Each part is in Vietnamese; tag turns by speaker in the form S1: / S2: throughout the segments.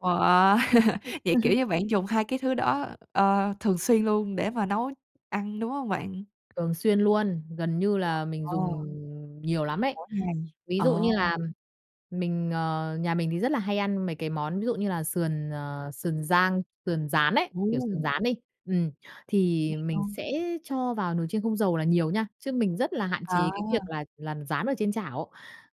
S1: Wow! Vậy, kiểu như, bạn dùng 2 cái thứ đó, ờ, thường xuyên luôn để mà nấu ăn, đúng hông bạn?
S2: Thường xuyên luôn, gần như là mình
S1: Wow!
S2: dùng nhiều lắm ấy.
S1: Mỗi ngày,
S2: Ví
S1: ờ.
S2: dụ như là mình, ờ nhà mình thì rất là hay ăn mấy cái món ví dụ như là sườn, ờ, sườn rang, sườn rán ấy, kiểu, sườn
S1: Ồ!
S2: rán đi, ừm, thì
S1: [unintelligible] Ờ.
S2: mình sẽ cho vào nồi chiên không dầu là nhiều nha, chứ mình rất là hạn chế cái việc
S1: À!
S2: là làm rán ở trên chảo,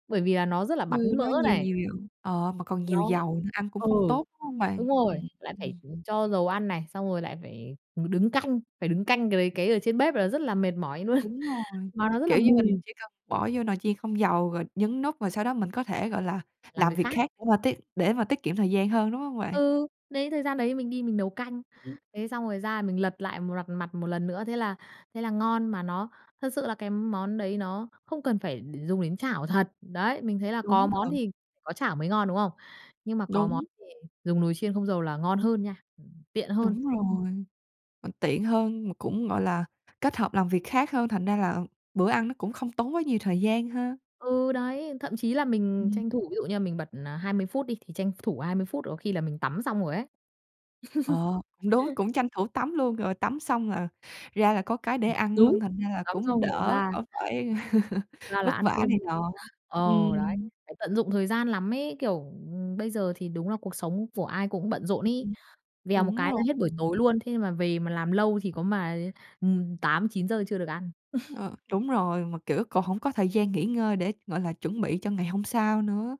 S2: bởi vì là nó rất là
S1: Ừ,
S2: bắn mỡ
S1: nó nhiều,
S2: này.
S1: nhiều, nhiều ờ, mà còn nhiều
S2: Nó
S1: dầu nữa, ăn cũng
S2: ừ,
S1: không tốt, đúng hông bạn?
S2: đúng rồi,
S1: Ừm,
S2: lại phải,
S1: ừm.
S2: ừm, cho dầu ăn này, xong rồi lại phải, ừm, đứng canh, phải đứng canh cái đấy, cái ở trên bếp là rất là mệt mỏi luôn,
S1: Đúng rồi,
S2: mà nó rất là
S1: kiểu như, mình
S2: mùi.
S1: chỉ cần bỏ vô nồi chiên không dầu rồi nhấn nút rồi sau đó mình có thể, gọi là,
S2: Làm
S1: làm
S2: việc
S1: việc
S2: khác.
S1: khác để mà tiết để mà tiết kiệm thời gian hơn, đúng hông bạn?
S2: Ừ, đấy, thời gian đấy mình đi mình nấu canh.
S1: Ừm.
S2: Thế xong rồi ra mình lật lại m rặt mặt 1 lần nữa, thế là thế là ngon, mà nó thật sự là cái món đấy nó không cần phải đ dùng đến chảo thật. Đấy, mình thấy là có
S1: Đúng
S2: món
S1: thật.
S2: thì có chảo mới ngon, đúng không? Nhưng mà có món
S1: Đúng.
S2: thì dùng nồi chiên không dầu là ngon hơn nha, ừm, tiện hơn.
S1: Đúng rồi. Tiện hơn mà cũng, gọi là, kết hợp làm việc khác hơn, thành ra là bữa ăn nó cũng không tốn quá nhiều thời gian ha.
S2: Ừ, đấy, thậm chí là mình
S1: Ừm.
S2: tranh thủ ví dụ như là mình bật, à, 20 phút đi, thì tranh thủ 20 phút có khi là mình tắm xong rồi ấy.
S1: Ờ, cũng đúng, cũng tranh thủ tắm luôn, rồi tắm xong là ra là có cái để
S2: Ừm,
S1: ăn luôn,
S2: đúng,
S1: thành ra là
S2: tắm
S1: cũng
S2: xong rồi
S1: đỡ
S2: ra
S1: đỡ phải
S2: ra là
S1: vất
S2: ăn
S1: vả
S2: cơm
S1: này
S2: luôn.
S1: nọ.
S2: Ờ, đấy,
S1: Ừm.
S2: phải tận dụng thời gian lắm ấy, kiểu, ừm, bây giờ thì đúng là cuộc sống của ai cũng bận rộn
S1: Ưm,
S2: ấy,
S1: ừm.
S2: vèo một
S1: Đúng
S2: cái
S1: rồi.
S2: là hết buổi
S1: Ừm.
S2: tối luôn, thế mà về mà làm lâu thì có mà, ừm, 8:00-9:00 chưa được ăn.
S1: Ờ, đúng rồi, mà, kiểu, còn hổng có thời gian nghỉ ngơi để, gọi là, chuẩn bị cho ngày hôm sau nữa.